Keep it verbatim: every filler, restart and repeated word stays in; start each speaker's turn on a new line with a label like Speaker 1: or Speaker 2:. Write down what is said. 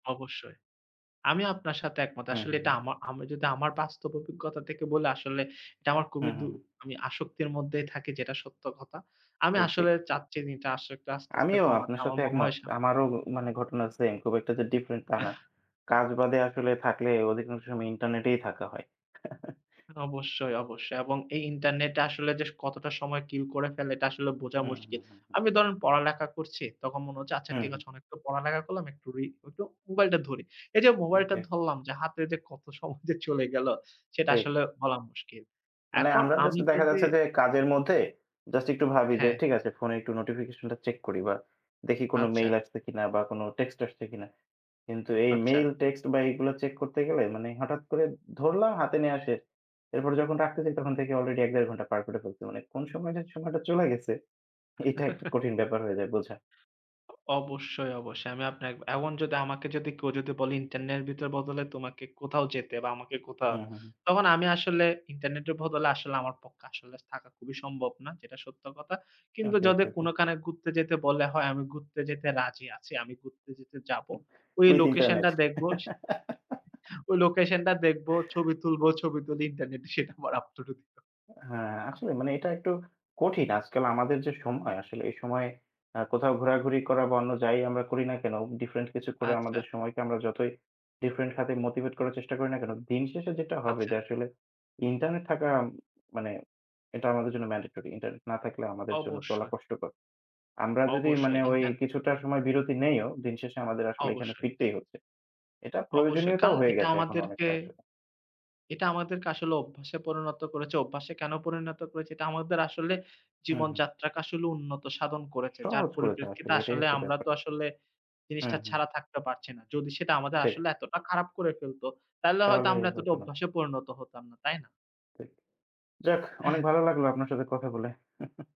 Speaker 1: অবশ্যই, আমি আপনার সাথে একমত।
Speaker 2: হুম,
Speaker 1: আসলে
Speaker 2: হুম,
Speaker 1: এটা
Speaker 2: হুম।
Speaker 1: আমা আমি যদি আমার বাস্তব অভিজ্ঞতা তেকে বলি আসলে এটা আমার খুবই
Speaker 2: হুম,
Speaker 1: দূ
Speaker 2: হুম, হুম।
Speaker 1: আমি আসক্তির মধ্যেই থাকি যেটা সত্য কথা। আমি
Speaker 2: ঠিক, ঠিক।
Speaker 1: আসলে চাচ্ছি এইটা আসক্তিটা আস্তে, আস্তে
Speaker 2: আমিও
Speaker 1: কমাতে।
Speaker 2: আপনার
Speaker 1: আমার
Speaker 2: সাথে
Speaker 1: মনে হয়
Speaker 2: একমত।
Speaker 1: সা
Speaker 2: আমারও মানে ঘটনা same, খুব একটা যে different তা না। কাজ বাদে আসলে থাকলে অধিকাংশ সময় internet-এই থাকা হয়।
Speaker 1: অবশ্যই, অবশ্যই এবং এই ইন্টারনেটটা আসলে যে কতটা সময় kill করে ফেলে এটা আসলে বোঝা
Speaker 2: হুম, হুম,
Speaker 1: মুশকিল।
Speaker 2: হুম।
Speaker 1: আমি ধরেন পড়ালেখা করছি, তখন মনে হচ্ছে আচ্ছা
Speaker 2: হুম,
Speaker 1: ঠিক
Speaker 2: হুঁ।
Speaker 1: আছে অনেকটা পড়ালেখা করলাম একটু রি একটু মোবাইলটা ধরি। এইযে মোবাইলটা
Speaker 2: Okay.
Speaker 1: ধরলাম যে হাতে যে কত সময় যে চলে গেল সেটা
Speaker 2: ঠিক।
Speaker 1: আসলে বলা মুশকিল।
Speaker 2: মানে
Speaker 1: এখন
Speaker 2: আমরা just
Speaker 1: আমি
Speaker 2: দেখা
Speaker 1: যদি
Speaker 2: যাচ্ছে যে, কাজের মধ্যে just একটু ভাবি যে
Speaker 1: হ্যা।
Speaker 2: ঠিক আছে phone-এ একটু notification-টা check করি বা দেখি কোনো
Speaker 1: আচ্ছা।
Speaker 2: mail আসছে কিনা বা কোনো text আসছে কিনা? কিন্তু এই
Speaker 1: আচ্ছা।
Speaker 2: mail, text বা এইগুলা check করতে গেলে মানে হঠাৎ করে ধরলাম হাতে নিয়া সে, এরপর যখন রাখতেছি তখন দেখি already এক, দেড় ঘণ্টা পার করে ফেলছি। মানে কোনো সময়ে যে সময়টা চলে গেছে? এটা একটা কঠিন ব্যাপার হয়ে যায় বোঝা।
Speaker 1: অবশ্যই, অবশ্যই আমি আপনার, এখন যদি আমাকে যদি কেউ যদি বলে ইন্টারনেটের বদলে তোমাকে কোথাও যেতে বা আমাকে কোথাও,
Speaker 2: হুম, হুম, হুম।
Speaker 1: তখন আমি আসলে ইন্টারনেটের বদলে আসলে আমার পক্কা আসলে থাকা খুবই সম্ভব না, যেটা সত্য কথা। কিন্তু
Speaker 2: Okay,
Speaker 1: যদি
Speaker 2: okay, okay.
Speaker 1: কোনোকানে ঘুরতে যেতে বলে হয়, আমি ঘুরতে যেতে রাজি আছি, আমি ঘুরতে যেতে যাব। ওই
Speaker 2: With
Speaker 1: লোকেশনটা
Speaker 2: internet.
Speaker 1: দেখব সে [unintelligible] ওই লোকেশনটা দেখব, ছবি তুলব, ছবি তুলে ইন্টারনেটে সেটা আবার upload ও দিব।
Speaker 2: হ্যা, আসলে মানে এটা একটু কঠিন। আজকাল আমাদের যে সময় আসলে এই সময়ে আ কোথাও ঘোরাঘুরি করা বা অন্য যাই আমরা করি না কেনো, different কিছু করে
Speaker 1: আচ্ছা।
Speaker 2: আমাদের সময়কে আমরা যতই different খাতে motivate করার চেষ্টা করি না কেনো, দিনশেষে যেটা হবে
Speaker 1: আচ্ছা।
Speaker 2: যে আসলে, internet থাকা মানে এটা আমাদের জন্য mandatory, Internet না থাকলে আমাদের জন্য চলা
Speaker 1: অবশ্যই।
Speaker 2: কষ্টকর। আমরা যদি মানে
Speaker 1: অবশ্যই,
Speaker 2: ওই
Speaker 1: ইন্টার
Speaker 2: কিছুটা সময় বিরতি নেইও, দিনশেষে আমাদের আসলে এখানে
Speaker 1: অবশ্যই।
Speaker 2: ফিরতেই হচ্ছে। এটা
Speaker 1: অবশ্যই,
Speaker 2: প্রয়োজনীয়তাও
Speaker 1: কারণ
Speaker 2: হয়ে
Speaker 1: এটা
Speaker 2: গেছে এখন
Speaker 1: আমাদেরকে,
Speaker 2: অনেকটা আসলে।
Speaker 1: এটা আমাদেরকে আসলে অভ্যাসে পরিণত করেছে। অভ্যাসে কেনো পরিণত করেছে? এটা আমাদের আসলে
Speaker 2: হুম, হুম।
Speaker 1: জীবনযাত্রাকে আসলে উন্নত সাধন করেছে, যার
Speaker 2: সহজ করেছে
Speaker 1: পরিপ্রেক্ষিতে
Speaker 2: আসলে, এটাই
Speaker 1: আসলে
Speaker 2: হচ্ছে
Speaker 1: আমরা
Speaker 2: ব্যাপার।
Speaker 1: তো আসলে জিনিসটা
Speaker 2: হুম, হুম।
Speaker 1: ছাড়া থাকতে পারছি না। যদি সেটা আমাদের
Speaker 2: ঠিক।
Speaker 1: আসলে এতটা খারাপ করে ফেলত তাহলে হয়তো
Speaker 2: তাহলে
Speaker 1: আমরা এতটা
Speaker 2: হইতো না।
Speaker 1: অভ্যাসে পরিণত হতাম না। তাই না?
Speaker 2: ঠিক, যাক অনেক
Speaker 1: [unintelligible]
Speaker 2: ভালো লাগলো আপনার সাথে কথা বলে।